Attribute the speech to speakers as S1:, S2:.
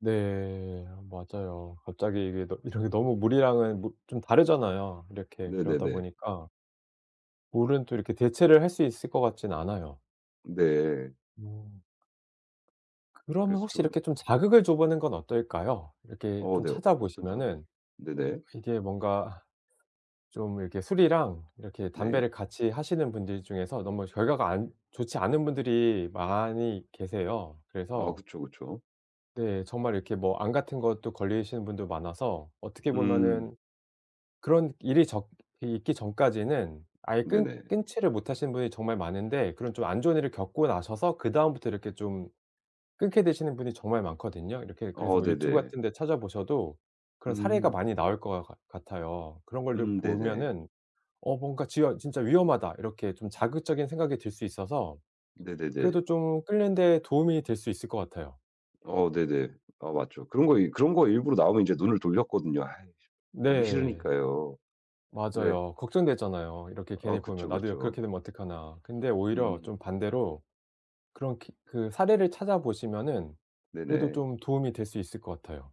S1: 네, 맞아요. 갑자기 이게 너 이런 게 너무 무리하면 뭐 좀 다르잖아요. 이렇게 그러다
S2: 네네네.
S1: 보니까 물은 또 이렇게 대체를 할 수 있을 것 같지는 않아요.
S2: 네.
S1: 음. 그러면
S2: 그래서
S1: 혹시
S2: 좀
S1: 이렇게 좀 자극을 줘 보는 건 어떨까요? 이렇게
S2: 어
S1: 좀
S2: 네 어 어떤 자극을
S1: 찾아보시면은
S2: 네네.
S1: 이게 뭔가 좀 이렇게 술이랑 이렇게
S2: 네.
S1: 담배를 같이 하시는 분들 중에서 너무 결과가 안 좋지 않은 분들이 많이 계세요.
S2: 아
S1: 그래서
S2: 그쵸, 그쵸.
S1: 네, 정말 이렇게 뭐 암 같은 것도 걸리시는 분도 많아서 어떻게
S2: 음.
S1: 보면은 그런 일이 적 있기 전까지는 아예 끊
S2: 네네.
S1: 끊지를 못하시는 분이 정말 많은데 그런 좀 안 좋은 일을 겪고 나셔서 그다음부터 이렇게 좀 끊게 되시는 분이 정말 많거든요. 이렇게 그래서
S2: 어,
S1: 뭐 유튜브
S2: 네네.
S1: 같은 데 찾아보셔도 그런 사례가
S2: 음.
S1: 많이 나올 것 같 같아요. 그런 거를
S2: 음, 네네.
S1: 보면은 '어 뭔가 지어 진짜 위험하다.' 이렇게 좀 자극적인 생각이 들 수 있어서
S2: 네네네.
S1: 그래도 좀 끊는 데 도움이 될 수 있을 것 같아요.
S2: 어 네네. 아 맞죠. 그런 거 그런 거 일부러 나오면 인제 눈을 돌렸거든요. 아이씨 보기
S1: 네.
S2: 싫으니까요. 근데
S1: 맞아요. 걱정되잖아요. 이렇게
S2: 아
S1: 괜히 보면
S2: 그쵸,
S1: '나도 요
S2: 그쵸.
S1: 그렇게 되면 어떡하나.' 근데 오히려
S2: 음.
S1: 좀 반대로 그런 기 그 사례를 찾아보시면은 그래도
S2: 네네.
S1: 좀 도움이 될 수 있을 것 같아요.